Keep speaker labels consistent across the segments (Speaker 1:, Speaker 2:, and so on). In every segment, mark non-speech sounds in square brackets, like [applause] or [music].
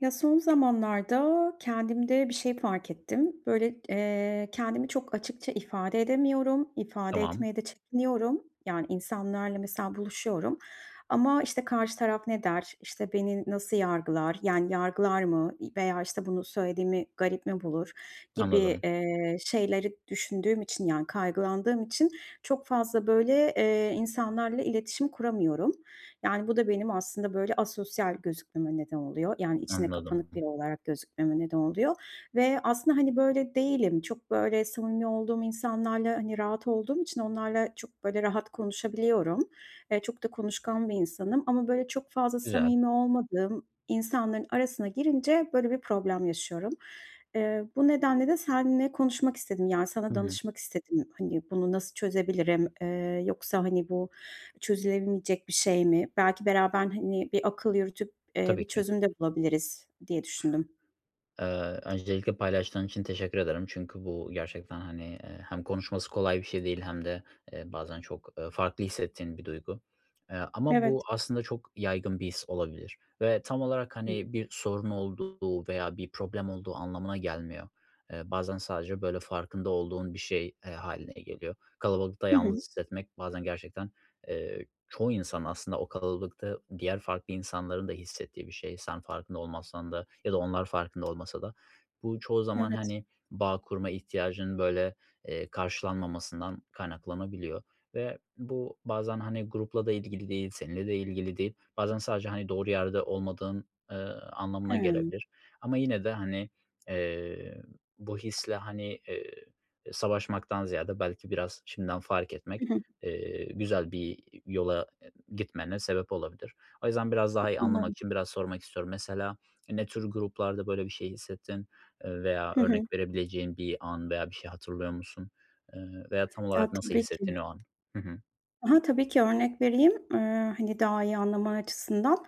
Speaker 1: Ya, son zamanlarda kendimde bir şey fark ettim. Böyle, eee, kendimi çok açıkça ifade edemiyorum, ifade
Speaker 2: Tamam.
Speaker 1: etmeye de çekiniyorum. Yani, insanlarla mesela buluşuyorum ama, işte, karşı taraf ne der, işte, beni nasıl yargılar, yani, yargılar mı i veya, işte, bunu söylediğimi garip mi bulur? Gibi,
Speaker 2: Anladım.
Speaker 1: eee, şeyleri düşündüğüm için, yani, kaygılandığım için çok fazla, böyle, eee, insanlarla iletişim kuramıyorum. Yani, bu da benim aslında, böyle, asosyal gözükmeme neden oluyor. Yani, içine
Speaker 2: Anladım.
Speaker 1: kapanık biri olarak gözükmeme neden oluyor ve aslında, hani, böyle değilim. Çok, böyle, samimi olduğum insanlarla, hani, rahat olduğum için onlarla çok, böyle, rahat konuşabiliyorum. Eee, çok da konuşkan bir insanım ama, böyle, çok fazla
Speaker 2: Güzel.
Speaker 1: samimi olmadığım insanların arasına girince böyle bir problem yaşıyorum. Eee, bu nedenle de seninle konuşmak istedim, yani,
Speaker 2: Hı
Speaker 1: sana
Speaker 2: hı.
Speaker 1: danışmak istedim. Hani, bunu nasıl çözebilirim, eee, yoksa, hani, bu çözülemeyecek bir şey mi? Belki beraber, hani, bir akıl yürütüp, eee,
Speaker 2: Tabii
Speaker 1: bir
Speaker 2: ki.
Speaker 1: çözüm de bulabiliriz, diye düşündüm.
Speaker 2: Iıı, öncelikle paylaştığın için teşekkür ederim. Çünkü bu gerçekten, hani, eee, hem konuşması kolay bir şey değil hem de, eee, bazen çok, ııı, farklı hissettiğin bir duygu. Eee, ama
Speaker 1: Evet.
Speaker 2: bu aslında çok yaygın bir his olabilir ve tam olarak,
Speaker 1: Hı.
Speaker 2: hani, bir sorun olduğu veya bir problem olduğu anlamına gelmiyor. Eee, bazen sadece, böyle, farkında olduğun bir şey, e, hâline geliyor. Kalabalıkta
Speaker 1: Hı hı.
Speaker 2: yalnız hissetmek, bazen gerçekten, eee, çoğu insan aslında o kalabalıkta diğer farklı insanların da hissettiği bir şey, sen farkında olmasan da ya da onlar farkında olmasa da. Bu çoğu zaman,
Speaker 1: Evet.
Speaker 2: hani, bağ kurma ihtiyacının, böyle, eee, karşılanmamasından kaynaklanabiliyor ve bu bazen, hani, grupla da ilgili değil, seninle de ilgili değil. Bazen sadece, hani, doğru yerde olmadığın, ııı, anlamına
Speaker 1: Hıı.
Speaker 2: gelebilir ama yine de, hani, eee, bu hisle, hani, eee, e, savaşmaktan ziyade, belki biraz şimdiden fark
Speaker 1: Hı
Speaker 2: etmek,
Speaker 1: hı.
Speaker 2: eee, güzel bir yola e gitmene sebep olabilir. O yüzden, biraz
Speaker 1: E,
Speaker 2: daha iyi anlamak
Speaker 1: [unintelligible]
Speaker 2: için biraz sormak istiyorum. Mesela ne tür gruplarda böyle bir şey hissettin, eee, veya
Speaker 1: Hı hı.
Speaker 2: örnek verebileceğin bir an veya bir şey hatırlıyor musun, ııı, veya tam
Speaker 1: Ya,
Speaker 2: olarak nasıl
Speaker 1: tabii
Speaker 2: hissettin
Speaker 1: ki.
Speaker 2: o an? Hı hı.
Speaker 1: I hı. Tabii ki örnek vereyim, ııı, hani, daha iyi anlaman açısından.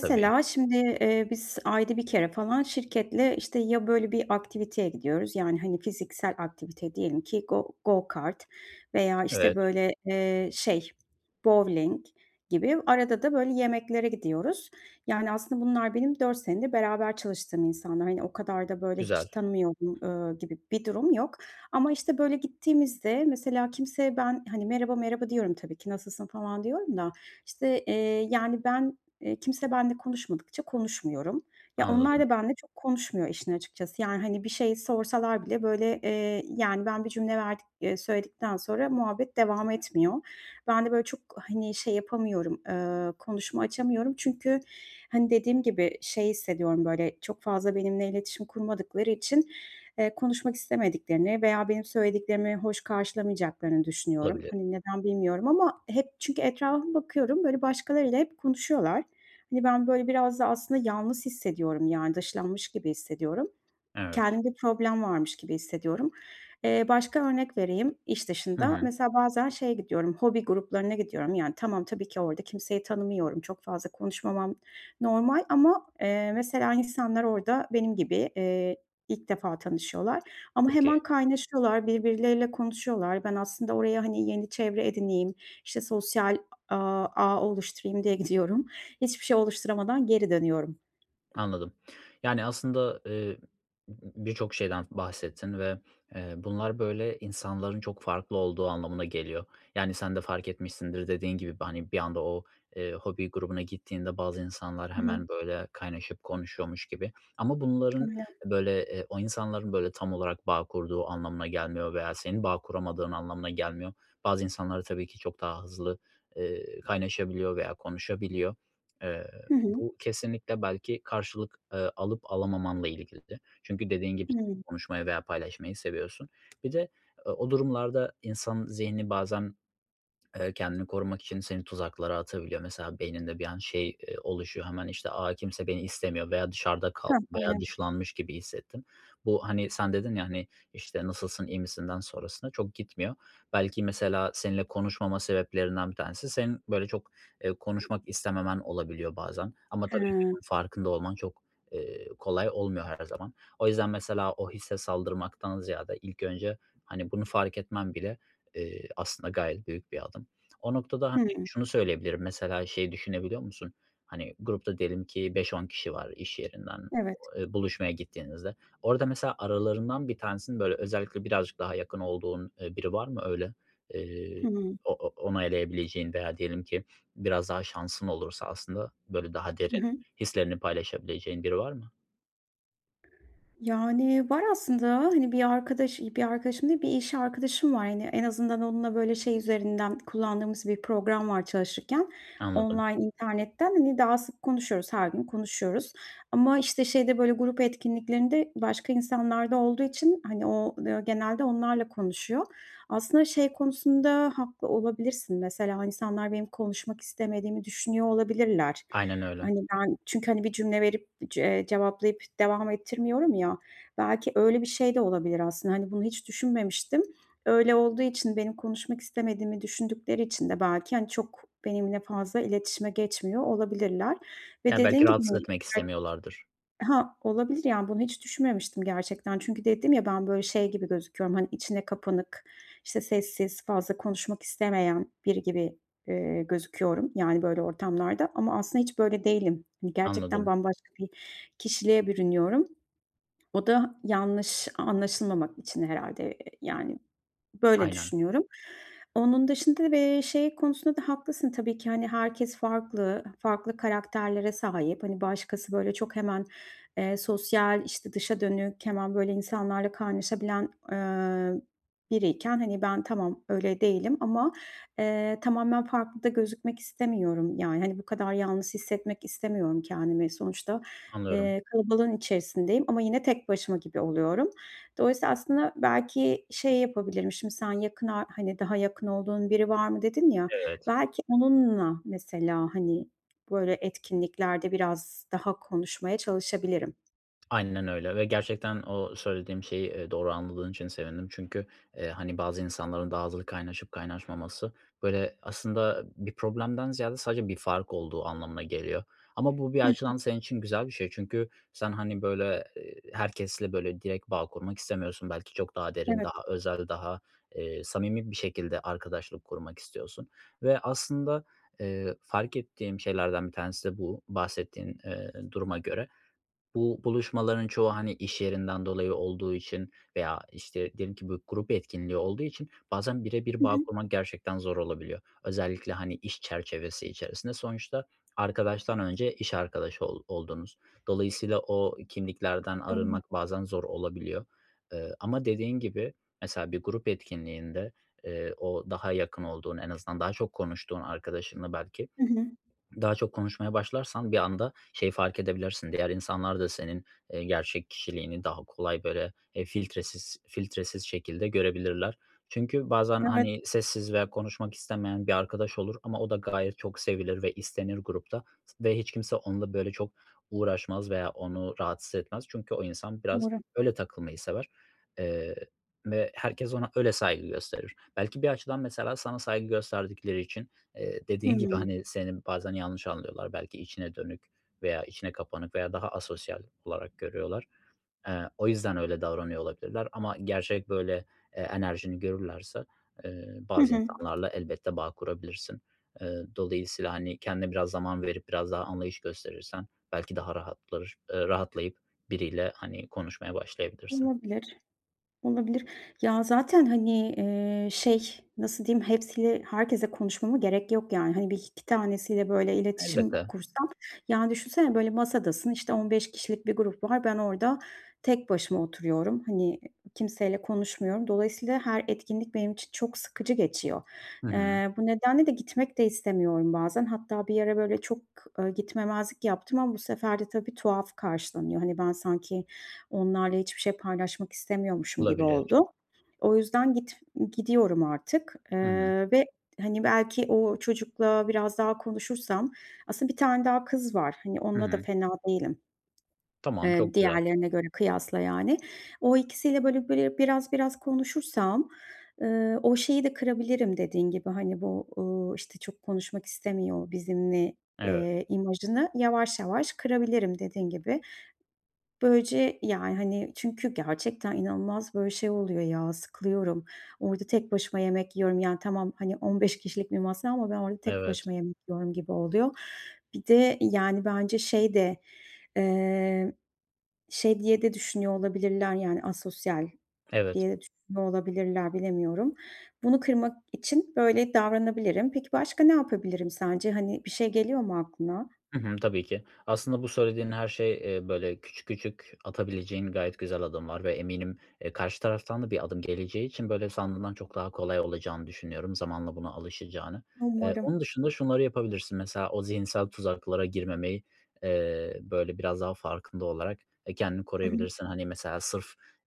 Speaker 2: Tabii.
Speaker 1: şimdi, eee, biz ayda 1 kere falan şirketle, işte, ya, böyle, bir aktiviteye gidiyoruz. Yani, hani, fiziksel aktivite diyelim ki go go kart veya, işte,
Speaker 2: Evet.
Speaker 1: böyle, eee, şey bovling gibi. Arada da, böyle, yemeklere gidiyoruz. Yani, aslında bunlar benim 4 senedir beraber çalıştığım insanlar. Hani, o kadar da, böyle, hiç
Speaker 2: Güzel.
Speaker 1: tanımıyorum, ööö, gibi bir durum yok ama, işte, böyle, gittiğimizde mesela kimseye ben, hani, "Merhaba, merhaba." diyorum tabii ki, "Nasılsın?" falan diyorum da, işte, eee, yani, ben, iii, kimse benimle konuşmadıkça konuşmuyorum. Ya, onlar
Speaker 2: Anladım.
Speaker 1: da benimle çok konuşmuyor işin açıkçası, yani, hani bir şey sorsalar bile, böyle, eee, yani, ben bir cümle verdik eee, söyledikten sonra muhabbet devam etmiyor. Ben de, böyle, çok, hani, şey yapamıyorum, ııı, konuşma açamıyorum. Çünkü, hani, dediğim gibi şey hissediyorum, böyle, çok fazla benimle iletişim kurmadıkları için, eee, konuşmak istemediklerini veya benim söylediklerimi hoş karşılamayacaklarını düşünüyorum.
Speaker 2: Olabilir.
Speaker 1: Hani, neden, bilmiyorum ama hep çünkü etrafıma bakıyorum, böyle, başkalarıyla hep konuşuyorlar. Hani, ben, böyle, biraz da aslında yalnız hissediyorum, yani, dışlanmış gibi hissediyorum.
Speaker 2: Evet.
Speaker 1: Kendimde problem varmış gibi hissediyorum. Eee, başka örnek vereyim iş
Speaker 2: Hı
Speaker 1: dışında.
Speaker 2: hı.
Speaker 1: Mesela bazen şeye gidiyorum, hobi gruplarına gidiyorum. Yani tamam, tabii ki orada kimseyi tanımıyorum, çok fazla konuşmamam normal ama, eee, mesela insanlar orada benim gibi, eee, ilk defa tanışıyorlar ama hemen
Speaker 2: Peki.
Speaker 1: kaynaşıyorlar, birbirleriyle konuşuyorlar. Ben aslında oraya, hani, yeni çevre edineyim, işte, sosyal, a aaa, ağ oluşturayım, diye gidiyorum. Hiçbir şey oluşturamadan geri dönüyorum.
Speaker 2: Anladım, yani, aslında, eee, m m birçok şeyden bahsettin ve, eee, bunlar böyle insanların çok farklı olduğu anlamına geliyor, yani, sen de fark etmişsindir dediğin gibi b hani bir anda o, eee, hobi grubuna gittiğinde bazı insanlar
Speaker 1: Hı hı.
Speaker 2: hemen böyle kaynaşıp konuşuyormuş gibi ama bunların
Speaker 1: [unintelligible]
Speaker 2: böyle, eee, o insanların böyle tam olarak bağ kurduğu anlamına gelmiyor veya senin bağ kuramadığın anlamına gelmiyor. Bazı insanlar tabii ki çok daha hızlı, eee, kaynaşabiliyor veya konuşabiliyor. Eee,
Speaker 1: Hı hı.
Speaker 2: bu kesinlikle belki karşılık, eee, alıp alamamanla ilgili de. Çünkü dediğin gibi
Speaker 1: Hımm.
Speaker 2: konuşmayı veya paylaşmayı seviyorsun. Bir de o o durumlarda insan zihni bazen, eee, kendini korumak için seni tuzaklara atabiliyor. Mesela beyninde bir an şey, eee, oluşuyor, hemen işte, a, kimse beni istemiyor veya dışarıda kal
Speaker 1: Heh
Speaker 2: veya
Speaker 1: aynen.
Speaker 2: dışlanmış gibi hissettim. Bu, hani, sen dedin ya, hani, işte, "Nasılsın, iyi misinden sonrasına, çok gitmiyor." Belki mesela seninle konuşmama sebeplerinden bir tanesi senin böyle çok, eee, konuşmak istememen olabiliyor bazen ama tabii ki
Speaker 1: Hıı.
Speaker 2: farkında olman çok, eee, kolay olmuyor her zaman. O yüzden mesela o hisse saldırmaktan ziyade ilk önce, hani, bunu fark etmen bile, eee, aslında gayet büyük bir adım. O noktada hani
Speaker 1: Hıı.
Speaker 2: şunu söyleyebilirim, mesela şeyi düşünebiliyor musun? Hani grupta diyelim ki 5-10 kişi var iş yerinden,
Speaker 1: Evet.
Speaker 2: o eee, buluşmaya gittiğinizde. Orada mesela aralarından bir tanesinin böyle özellikle birazcık daha yakın olduğun, eee, biri var mı öyle? Eee,
Speaker 1: Hıı.
Speaker 2: o o onaylayabileceğin veya diyelim ki biraz daha şansın olursa aslında böyle daha
Speaker 1: Hı
Speaker 2: derin,
Speaker 1: hı.
Speaker 2: hislerini paylaşabileceğin biri var mı?
Speaker 1: Yani, var aslında, hani, bir arkadaş bir arkadaşım değil, bir iş arkadaşım var. Hani, en azından onunla böyle şey üzerinden kullandığımız bir program var çalışırken
Speaker 2: Anladım.
Speaker 1: online internetten, hani, daha sık konuşuyoruz, her gün konuşuyoruz ama, işte, şeyde böyle grup etkinliklerinde başka insanlar da olduğu için, hani, o, ııı, genelde onlarla konuşuyor. Aslında şey konusunda haklı olabilirsin, mesela, o insanlar benim konuşmak istemediğimi düşünüyor olabilirler.
Speaker 2: Aynen öyle.
Speaker 1: Hani, ben çünkü, hani, bir cümle verip c eee, cevaplayıp devam ettirmiyorum ya, belki öyle bir şey de olabilir aslında, hani, bunu hiç düşünmemiştim. Öyle olduğu için benim konuşmak istemediğimi düşündükleri için de belki, hani, çok benimle fazla iletişime geçmiyor olabilirler ve,
Speaker 2: Ya, belki
Speaker 1: dediğin gibi,
Speaker 2: rahatsız
Speaker 1: hani,
Speaker 2: etmek
Speaker 1: belki
Speaker 2: istemiyorlardır.
Speaker 1: Ha, olabilir yani bunu hiç düşünmemiştim gerçekten çünkü dedim ya ben böyle şey gibi gözüküyorum, hani, içine kapanık, işte, sessiz, fazla konuşmak istemeyen biri gibi, ııı, gözüküyorum yani böyle ortamlarda ama aslında hiç böyle değilim. Hani, gerçekten
Speaker 2: Anladım.
Speaker 1: bambaşka bir kişiliğe bürünüyorum. O da yanlış anlaşılmamak için herhâlde yani böyle
Speaker 2: Aynen.
Speaker 1: düşünüyorum. Onun dışında da bir şey konusunda da haklısın tabii ki, hani, herkes farklı, farklı karakterlere sahip, hani, başkası böyle çok hemen, eee, sosyal, işte, dışa dönük, hemen böyle insanlarla kaynaşabilen, ııı, biriyken, hani, ben tamam öyle değilim ama, eee, tamamen farklı da gözükmek istemiyorum. Yani, hani, bu kadar yalnız hissetmek istemiyorum kendimi. Sonuçta,
Speaker 2: Anlıyorum.
Speaker 1: eee, kalabalığın içerisindeyim ama yine tek başıma gibi oluyorum. Dolayısıyla aslında belki şey yapabilirim, şimdi sen yakın ar hani, daha yakın olduğun biri var mı dedin ya,
Speaker 2: Evet.
Speaker 1: belki onunla mesela, hani, böyle etkinliklerde biraz daha konuşmaya çalışabilirim.
Speaker 2: Aynen öyle ve gerçekten o söylediğim şeyi, ııı, doğru anladığın için sevindim. Çünkü, eee, hani, bazı insanların daha hızlı kaynaşıp kaynaşmaması böyle aslında bir problemden ziyade sadece bir fark olduğu anlamına geliyor ama bu bir
Speaker 1: Hı hı.
Speaker 2: açıdan senin için güzel bir şey çünkü sen, hani, böyle, ııı, herkesle böyle direkt bağ kurmak istemiyorsun, belki çok daha derin,
Speaker 1: Evet.
Speaker 2: daha özel, daha, eee, samimi bir şekilde arkadaşlık kurmak istiyorsun ve aslında, eee, fark ettiğim şeylerden bir tanesi de bu, bahsettiğin, eee, duruma göre bu buluşmaların çoğu, hani, iş yerinden dolayı olduğu için veya, işte, diyelim ki bu grup etkinliği olduğu için bazen bire bir
Speaker 1: Hı
Speaker 2: bağ
Speaker 1: hı.
Speaker 2: kurman gerçekten zor olabiliyor. Özellikle, hani, iş çerçevesi içerisinde sonuçta arkadaştan önce iş arkadaşı ol oldunuz. Dolayısıyla o kimliklerden
Speaker 1: Doğru.
Speaker 2: arınmak bazen zor olabiliyor. Eee, ama, dediğin gibi, mesela, bir grup etkinliğinde, eee, o daha yakın olduğun, en azından daha çok konuştuğun arkadaşınla belki
Speaker 1: Hı hı.
Speaker 2: [swallows] daha çok konuşmaya başlarsan bir anda şeyi fark edebilirsin, diğer insanlar da senin, ııı, gerçek kişiliğini daha kolay böyle, eee, filtresiz filtresiz şekilde görebilirler. Çünkü bazen,
Speaker 1: Evet.
Speaker 2: hani, sessiz veya konuşmak istemeyen bir arkadaş olur ama o da gayet çok sevilir ve istenir grupta s ve hiç kimse onunla böyle çok uğraşmaz veya onu rahatsız etmez çünkü o insan biraz
Speaker 1: Umarım.
Speaker 2: öyle takılmayı sever, eee, ve herkes ona öyle saygı gösterir. Belki bir açıdan mesela sana saygı gösterdikleri için, eee, dediğin gibi,
Speaker 1: Hıı.
Speaker 2: hani, seni bazen yanlış anlıyorlar, belki içine dönük veya içine kapanık veya daha asosyal olarak görüyorlar. Eee, o yüzden öyle davranıyor olabilirler ama gerçek böyle, eee, enerjini görürlerse, eee,
Speaker 1: Hı
Speaker 2: bazı
Speaker 1: hı.
Speaker 2: insanlarla elbette bağ kurabilirsin. Iıı, dolayısıyla, hani, kendine biraz zaman verip biraz daha anlayış gösterirsen belki daha rahatlar rahatlayıp biriyle, hani, konuşmaya başlayabilirsin.
Speaker 1: Olabilir. Olabilir. Ya, zaten, hani, eee, şey nasıl diyeyim, hepsiyle herkesle konuşmama gerek yok yani. Hani, 1-2 tanesiyle böyle iletişim
Speaker 2: Elbette.
Speaker 1: kursam, yani düşünsene böyle masadasın, işte, 15 kişilik bir grup var, ben orada tek başıma oturuyorum, hani, kimseyle konuşmuyorum. Dolayısıyla her etkinlik benim için çok sıkıcı geçiyor.
Speaker 2: Hı hı.
Speaker 1: Eee, bu nedenle de gitmek de istemiyorum bazen. Hatta bir ara böyle, ııı, çok gitmemezlik yaptım ama bu sefer de tabii, tuhaf karşılanıyor. Hani, ben sanki onlarla hiçbir şey paylaşmak istemiyormuşum gibi
Speaker 2: Olabilir.
Speaker 1: oldu. O yüzden git gidiyorum artık,
Speaker 2: Hı hı.
Speaker 1: eee, ve, hani, belki o çocukla biraz daha konuşursam aslında 1 tane daha kız var, hani,
Speaker 2: Hı
Speaker 1: onunla da
Speaker 2: hı.
Speaker 1: fena değilim.
Speaker 2: Tamam,
Speaker 1: Eee,
Speaker 2: çok güzel.
Speaker 1: diğerlerine göre kıyasla yani. O ikisiyle böyle böyle, biraz biraz konuşursam, ııı, o şeyi de kırabilirim, dediğin gibi, hani, bu, ııı, işte, çok konuşmak istemiyor bizimle,
Speaker 2: Evet.
Speaker 1: eee, imajını yavaş yavaş kırabilirim, dediğin gibi. Böylece yani, hani, çünkü gerçekten inanılmaz böyle şey oluyor ya, sıkılıyorum, orada tek başıma yemek yiyorum, yani tamam, hani, 15 kişilik bir masa ama ben orada tek
Speaker 2: Evet.
Speaker 1: başıma yemek yiyorum gibi oluyor. Bir de yani bence şey de, eee, şey diye de düşünüyor olabilirler, yani asosyal
Speaker 2: Evet.
Speaker 1: diye de düşünüyor olabilirler bilemiyorum. Bunu kırmak için böyle davranabilirim. Peki, başka ne yapabilirim sence? Hani, bir şey geliyor mu aklına?
Speaker 2: Hı hı, tabii ki. Aslında bu söylediğin her şey, ııı, böyle küçük küçük atabileceğin gayet güzel adımlar ve eminim e, karşı taraftan da bir adım geleceği için böyle sandığından çok daha kolay olacağını düşünüyorum zamanla buna alışacağını. Eee,
Speaker 1: Umarım.
Speaker 2: onun dışında şunları yapabilirsin: Mesela, o zihinsel tuzaklara girmemeyi, eee, böyle biraz daha farkında olarak e, kendini
Speaker 1: Hı hı.
Speaker 2: koruyabilirsin. Hani, mesela sırf,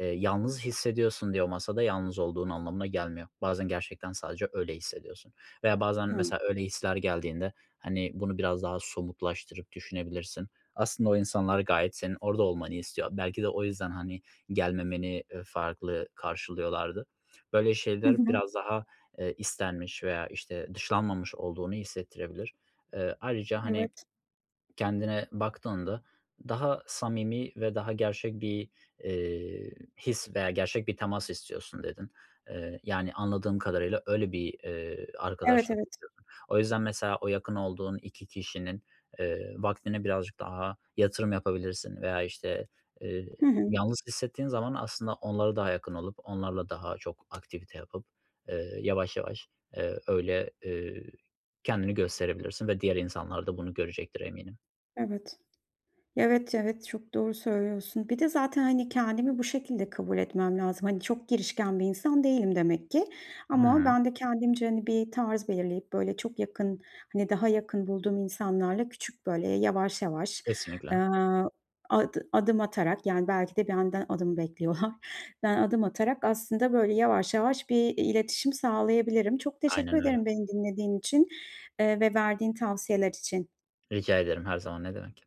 Speaker 2: ııı, yalnız hissediyorsun diye o masada yalnız olduğun anlamına gelmiyor. Bazen gerçekten sadece öyle hissediyorsun veya bazen
Speaker 1: Hıı.
Speaker 2: mesela öyle hisler geldiğinde, hani, bunu biraz daha somutlaştırıp düşünebilirsin. Aslında o insanlar gayet senin orada olmanı istiyor. Belki de o yüzden, hani, gelmemeni, ııı, farklı karşılıyorlardı. Böyle
Speaker 1: Hı
Speaker 2: şeyler
Speaker 1: hı.
Speaker 2: biraz daha, eee, istenmiş veya, işte, dışlanmamış olduğunu hissettirebilir. Iıı, ayrıca, hani,
Speaker 1: Evet.
Speaker 2: kendine baktığında daha samimi ve daha gerçek bir, eee, his veya gerçek bir temas istiyorsun dedin. Eee, yani anladığım kadarıyla öyle bir, eee,
Speaker 1: Evet
Speaker 2: arkadaşlık.
Speaker 1: evet.
Speaker 2: [unintelligible] O yüzden mesela o yakın olduğun 2 kişinin, ııı, vaktine birazcık daha yatırım yapabilirsin veya, işte, ııı,
Speaker 1: Hı hı.
Speaker 2: yalnız hissettiğin zaman aslında onlara daha yakın olup onlarla daha çok aktivite yapıp, ııı, yavaş yavaş, eee, öyle, eee, kendini gösterebilirsin ve diğer insanlar da bunu görecektir eminim.
Speaker 1: Evet. Evet, evet, çok doğru söylüyorsun. Bir de zaten, hani, kendimi bu şekilde kabul etmem lazım. Hani, çok girişken bir insan değilim demek ki ama
Speaker 2: Hıı.
Speaker 1: ben de kendimce, hani, bir tarz belirleyip böyle çok yakın, hani, daha yakın bulduğum insanlarla küçük böyle yavaş yavaş,
Speaker 2: Kesinlikle.
Speaker 1: aaa, ad adım atarak yani belki de benden adımı bekliyorlar, [giggles] ben adım atarak aslında böyle yavaş yavaş bir iletişim sağlayabilirim. Çok teşekkür
Speaker 2: Aynen öyle.
Speaker 1: ederim beni dinlediğin için, eee, ve verdiğin tavsiyeler için.
Speaker 2: Rica ederim her zaman ne demek.